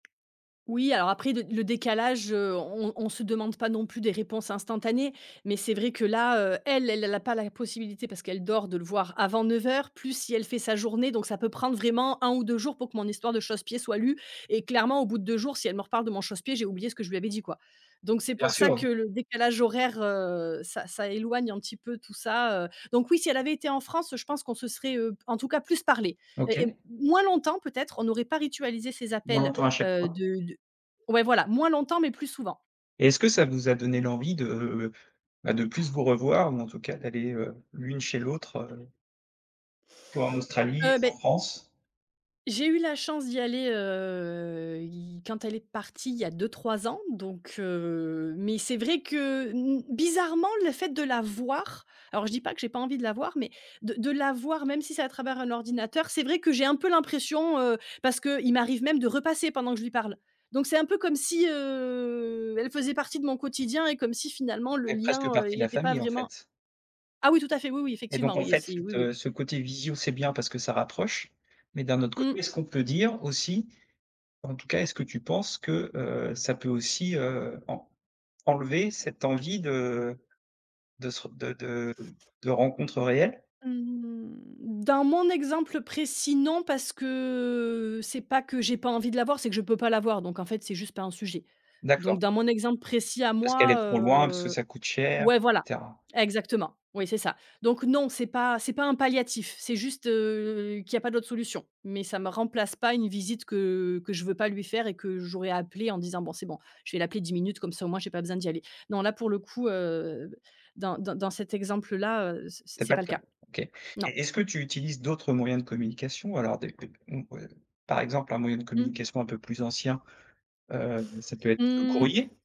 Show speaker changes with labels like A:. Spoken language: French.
A: Oui, alors après le le décalage, heu, on on se demande pas non plus des réponses instantanées. Mais c'est vrai que là, heu, elle, elle elle a pas la possibilité, parce qu'elle dort, de le voir avant 9:00, plus, si elle fait sa journée, donc ça peut prendre vraiment 1 ou 2 jours pour que mon histoire de chausse-pied soit lue. Et clairement au bout de 2 jours si elle me reparle de mon chausse-pied, j'ai oublié ce que je lui avais dit, quoi. Donc c'est
B: Bien
A: pour ça
B: sûr.
A: que le décalage horaire, heu, ça ça éloigne un petit peu, tout ça, heu donc oui, si elle avait été en France, je pense qu'on se serait, heu, en tout cas, plus parlé et heu,
B: OK.
A: moins longtemps peut-être, on n'aurait pas ritualisé ces
B: On
A: appels,
B: l'entend à chaque
A: heu,
B: fois.
A: de de ouais voilà, moins longtemps mais plus souvent.
B: Et est-ce que ça vous a donné l'envie de, ben, de plus vous revoir ou en tout cas, d'aller, heu, l'une chez l'autre, heu? Toi en Australie,
A: Heu,
B: en
A: beh
B: France?
A: j'ai eu la chance d'y aller, heu, il quand elle est partie, il y a 2-3 ans donc heu, mais c'est vrai que n bizarrement, le fait de la voir, alors je dis pas que j'ai pas envie de la voir, mais de de la voir, même si c'est à travers un ordinateur, c'est vrai que j'ai un peu l'impression, heu parce qu'il m'arrive même de repasser pendant que je lui parle. Donc c'est un peu comme si, heu, elle faisait partie de mon quotidien et comme si finalement, le
B: Fait presque
A: lien,
B: partie
A: il
B: de la
A: était pas
B: famille, en
A: vraiment
B: fait?
A: ah oui tout à fait, oui, oui,
B: Et donc,
A: effectivement,
B: en
A: oui,
B: fait,
A: c'est oui, oui.
B: de ce côté visio, c'est bien parce que ça rapproche mais d'un autre côté,
A: Mmh.
B: est-ce qu'on peut dire aussi, en tout cas, est-ce que tu penses que, heu, ça peut aussi, heu, en enlever cette envie de de se r de de de rencontres réelles?
A: Mmh, dans mon exemple précis, non, parce que c'est pas que j'ai pas envie de la voir, c'est que je peux pas la voir. Donc en fait, c'est juste pas un sujet. Donc
B: D'accord.
A: dans mon exemple précis à
B: Parce qu'elle
A: moi,
B: est trop loin, parce que
A: heu,
B: ça coûte cher
A: ouais,
B: et
A: voilà,
B: cetera.
A: exactement, oui c'est ça. Donc non, c'est pas c'est pas un palliatif, c'est juste, heu, qu'il y a pas d'autres solutions. Mais ça me remplace pas une visite que que je veux pas lui faire et que j'aurais appelée en disant: «Bon, c'est bon, je vais l'appeler 10 minutes comme ça au moins j'ai pas besoin d'y aller». Non là, pour le coup, heu, dans dans dans cet exemple-là, heu, c c
B: C'est
A: c'est
B: pas le
A: pas le
B: cas,
A: cas.
B: OK et
A: Non.
B: est-ce que tu utilises d'autres moyens de communication alors des des m heu, par exemple, un moyen de
A: Mmh.
B: communication un peu plus ancien, heu, ça peut être le
A: Mmh.
B: courrier?